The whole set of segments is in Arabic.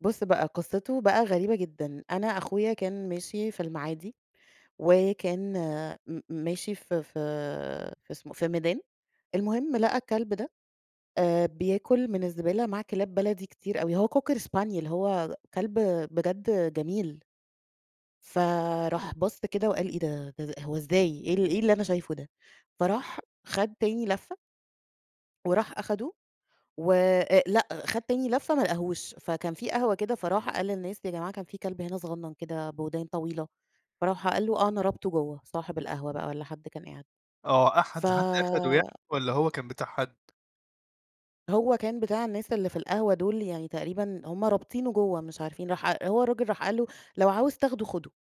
بُص بقى قصته بقى غريبة جدًا. أنا أخويا كان ماشي في المعادي وكان م ماشي في في في اسم في ميدان. المهم لقى الكلب ده، آآ، بياكل من الزبالة مع كلاب بلدي كتير أوي هو Cocker Spaniel هو كلب بجد جميل. فراح بَص كده وقال: "إيه ده؟ ز هو إزاي، إيه ال إيه اللي أنا شايفه ده؟! فراح خَد تاني لفّة. وراح أخده و أ لأ، خَد تاني لفّة ما لقهوش. فكان في قهوة كده، فراح قال للناس: "يا جماعة، كان في كلب هنا صغنّن، كده بودان طويلة." فراح قال له: "آه، أنا رابطه جوّه." صاحب القهوة بقى والّا حد كان قاعد. آه. ف أحد حد أخده ي والّا هو كان بتاع حد؟ هو كان بتاع الناس اللي في القهوة دول، يعني تقريبًا هم رابطينه جوّه مش عارفين راح أ هو الرجل راح قال له: "لو عاوز تاخده، خُدُه."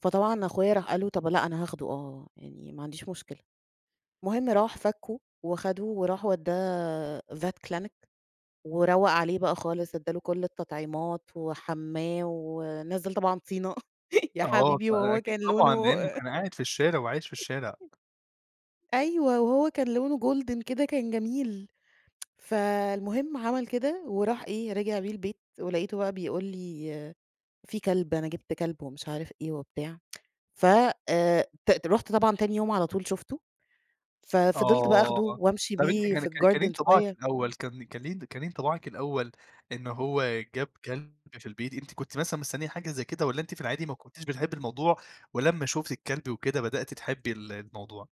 فطبعًا أخويا راح قال له: "طب لأ أنا هاخده آه، يعني ما عنديش مشكلة." المهم راح فكُّه وخَدُه وراح ودّاه vet clinic وروّق عليه بقى خالص، إدّى له كل التطعيمات وحمّاه ونزل طبعًا طينة، يا آه، حبيبي ط أ وهو أكيد كان طبعًا، لونه لإنّه أ كان قاعد في الشارع وعايش في الشارع. أيوه. وهو كان لونه جولدن كده كان جميل. فالمهم عمل كده وراح إيه، رِجِع بيه البيت ولقيته بقى بيقول لي: "في كلب، أنا جِبت كلب." ومش عارف إيه وبتاع. ف أ ت رُحت طبعًا تاني يوم على طول شُفته، ففضلت بقى آه. أخدُه وأمشي طب أنتِ بيه كان في كان كان إيه الgarden انطباعِك شوية. الأول كان كان إيه كان إيه انطباعِك الأول إن هو هو جاب كلب في البيت أنتِ كنتِ مثلًا مستنيّة حاجة زي كده والّا أنتِ في العادي ما كنتيش بتحبّي الموضوع ولمّا شُفتي الكلب وكده بدأتِ تحبّي ال الموضوع؟